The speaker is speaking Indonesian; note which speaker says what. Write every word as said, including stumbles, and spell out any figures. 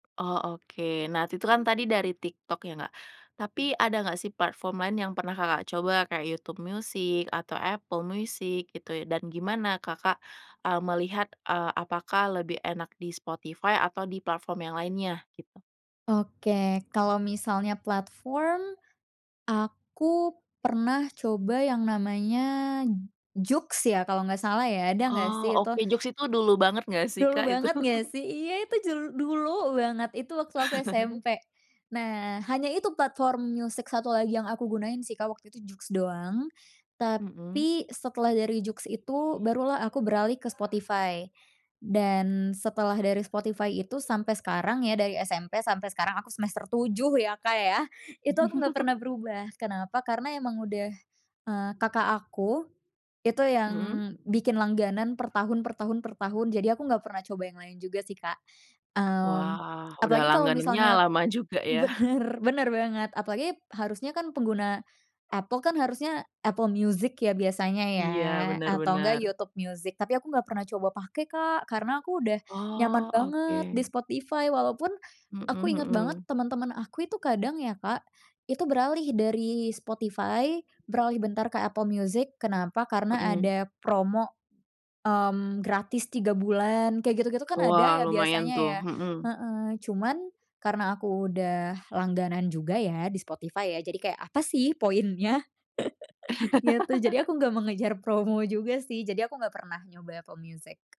Speaker 1: Oh, oke. Nah, itu itu kan tadi dari TikTok ya nggak? Tapi ada nggak sih platform lain yang pernah Kakak coba, kayak YouTube Music atau Apple Music gitu ya, dan gimana Kakak, eee, melihat, eee, apakah lebih enak di Spotify atau di platform yang lainnya? Gitu.
Speaker 2: Oke, kalo misalnya platform aku pernah coba yang namanya JOOX ya kalo nggak salah ya, ada nggak
Speaker 1: Oh,
Speaker 2: sih itu?
Speaker 1: oke. JOOX itu dulu banget nggak sih
Speaker 2: Dulu
Speaker 1: Kak itu?
Speaker 2: banget nggak sih? Iya itu jul dulu banget, itu waktu aku SMP. Nah, hanya itu platform musik satu lagi yang aku gunain sih Kak waktu itu JOOX doang.
Speaker 1: Mhm.
Speaker 2: Tapi setelah dari JOOX itu baru lah aku beralih ke Spotify, dan setelah dari Spotify itu sampai sekarang ya dari SMP sampai sekarang aku semester tujug ya Kak ya, itu aku nggak pernah berubah. Kenapa? Karena emang udah, eee, Kakak aku itu yang
Speaker 1: Mhm.
Speaker 2: bikin langganan per tahun per tahun per tahun, jadi aku nggak pernah coba yang lain juga sih, Kak. Mmm,
Speaker 1: Wah, udah
Speaker 2: apalagi kalo
Speaker 1: langganannya
Speaker 2: misalnya
Speaker 1: lama juga ya?
Speaker 2: bener bener banget, apalagi harusnya kan pengguna Apple kan harusnya Apple Music ya biasanya ya
Speaker 1: Iya, benar
Speaker 2: atau enggak
Speaker 1: benar.
Speaker 2: YouTube Music, tapi aku nggak pernah coba pake Kak, karena aku udah nyaman
Speaker 1: Oh,
Speaker 2: banget di
Speaker 1: oke.
Speaker 2: Spotify. Walaupun
Speaker 1: Mhm
Speaker 2: aku ingat banget
Speaker 1: mhm.
Speaker 2: temen-temen aku itu kadang ya Kak, itu beralih dari Spotify beralih bentar ke Apple Music, kenapa? Karena
Speaker 1: Mhm.
Speaker 2: ada promo, mmm, gratis 3 bulan, kayak gitu-gitu kan ada
Speaker 1: Wah,
Speaker 2: ya
Speaker 1: lumayan
Speaker 2: biasanya
Speaker 1: tuh.
Speaker 2: ya?
Speaker 1: Mhm.
Speaker 2: Heeh, cuman karena aku udah langganan juga ya di Spotify ya jadi kayak, "Apa sih poinnya?" Ya itu, jadi aku nggak mengejar promo juga sih, jadi aku nggak pernah nyoba Apple Music.